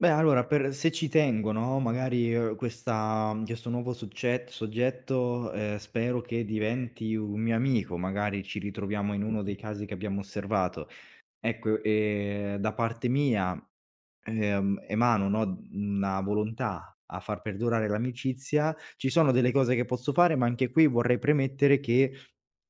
Beh, allora per se ci tengo, no, magari, uhm, questa mhmm, questo nuovo succett soggetto, ehm, spero che diventi un mio amico, magari ci ritroviamo in uno dei casi che abbiamo osservato. Ecco e da parte mia, ehm, emano, no, mhmm, una volontà a far perdurare l'amicizia, ci sono delle cose che posso fare, ma anche qui vorrei premettere che,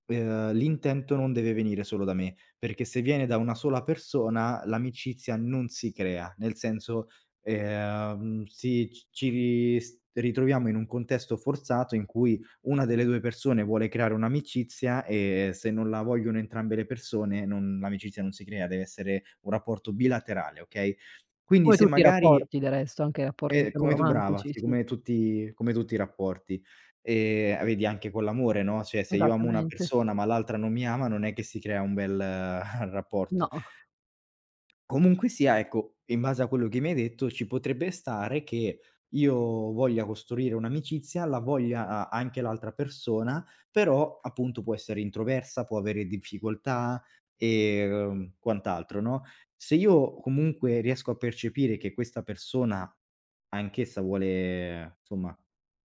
ehm, l'intento non deve venire solo da me, perché se viene da una sola persona l'amicizia non si crea, nel senso, ehm, sì, c ci ri s ritroviamo in un contesto forzato in cui 1 delle 2 persone vuole creare un'amicizia e se non la vogliono entrambe le persone non l'amicizia non si crea, dev'essere un rapporto bilaterale, okay, quindi Come se tutti i magari rapporti del resto, anche rapporti è diciamo come tu brava, romantici, sì, sì. come tutti come tutti i rapporti, ehm a vedi anche con l'amore, no, cioè, se io amo una Esattamente. persona ma l'altra non mi ama non è che si crea un bel rapporto. No. Comunque sia, ecco, in base a quello che mi hai detto ci potrebbe stare che io voglia costruire un'amicizia, la voglia a anche l'altra persona, però, appunto, può essere introversa, può avere difficoltà, ehm, quant'altro, no, se io comunque riesco a percepire che questa persona anch'essa vuole insomma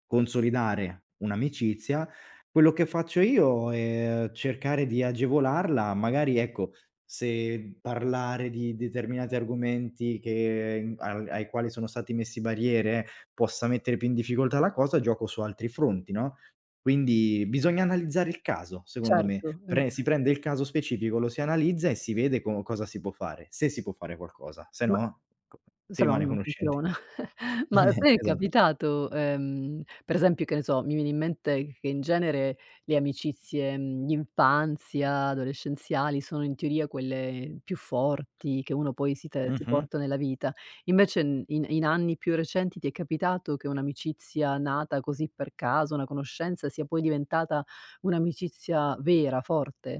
consolidare un'amicizia, quello che faccio io è cercare di agevolarla, magari, ecco, se parlare di determinati argomenti che, mhmm ai ai quali sono stati messi barriere, possa mettere più in difficoltà la cosa, gioco su altri fronti, no, quindi bisogna analizzare il caso secondo me, Certo. Mh. pre si prende il caso specifico, lo si analizza e si vede co cosa si può fare, se si può fare qualcosa, se Ma no co si questa no, rimane non conoscenti. funziona. Ma a te è Esatto. capitato, ehm, per esempio, che ne so, mi viene in mente che in genere le amicizie, mhmm, d'infanzia adolescenziali sono in teoria quelle più forti che uno poi si te si Mh-mh. porta nella vita. Invece n i in anni più recenti ti è capitato che un'amicizia nata così per caso, una conoscenza, sia poi diventata un'amicizia vera, forte?